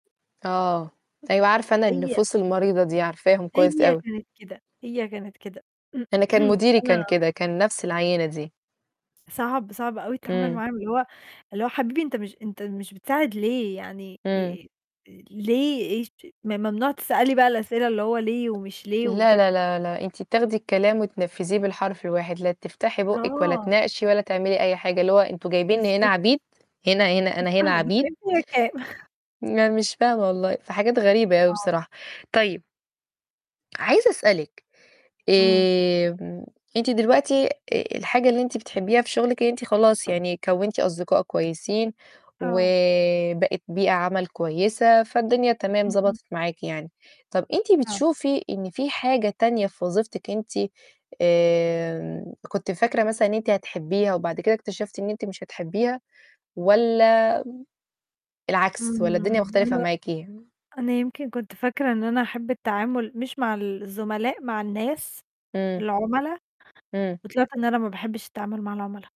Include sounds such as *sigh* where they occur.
آه، أيوه، عارفة أنا هي النفوس المريضة دي، عارفاهم كويس هي أوي. كانت كده، هي كانت كده. أنا كان *clears throat* مديري كان وأنا كده، كان نفس العينة دي. صعب، صعب أوي التعامل إمم. معاهم. اللي هو اللي هو حبيبي أنت مش أنت مش بتساعد ليه يعني؟ إمم. ي آآ ليه إيش ممنوع تسألي بقى الأسئلة اللي هو ليه ومش ليه لا وكده. لا لا لا أنتِ بتاخدي الكلام وتنفذيه بالحرف الواحد، لا تفتحي بُوقك ولا آه. تناقشي ولا تعملي أي حاجة، اللي هو أنتم جايبيني هنا بالضبط. عبيد هنا هنا مش أنا هنا فاهمة عبيد! دافعين فيها كام؟ لا مش فاهمة والله، في حاجات غريبة أوي آه. بصراحة. طيب عايزة أسألِك إمم. آمم أنتِ دلوقتي آآ الحاجة اللي أنتِ بتحبيها في شغلِك، إن أنتِ خلاص يعني كوّنتِ أصدقائك كويسين، آه. وبقِت بيئة عمل كويسة، فالدنيا تمام اهم. ضبطت معاكِ يعني. طَب أنتِ آه. بتشوفي إن في حاجة تانية في وظيفتك أنتِ آمم كنتِ فاكرة مثلًا إن أنتِ هتحبيها وبعد كده اكتشفتِ إن أنت مش هتحبيها؟ والّا العكس؟ والّا الدنيا إمم. مختلفة أنا معاكِ؟ أنا يمكن كنت فاكرة إن أنا هاحب التعامل مش مع ال الزملاء، مع الناس، إمم. العملا، إمم. وطلعت إن أنا ما باحبش التعامل مع العملا.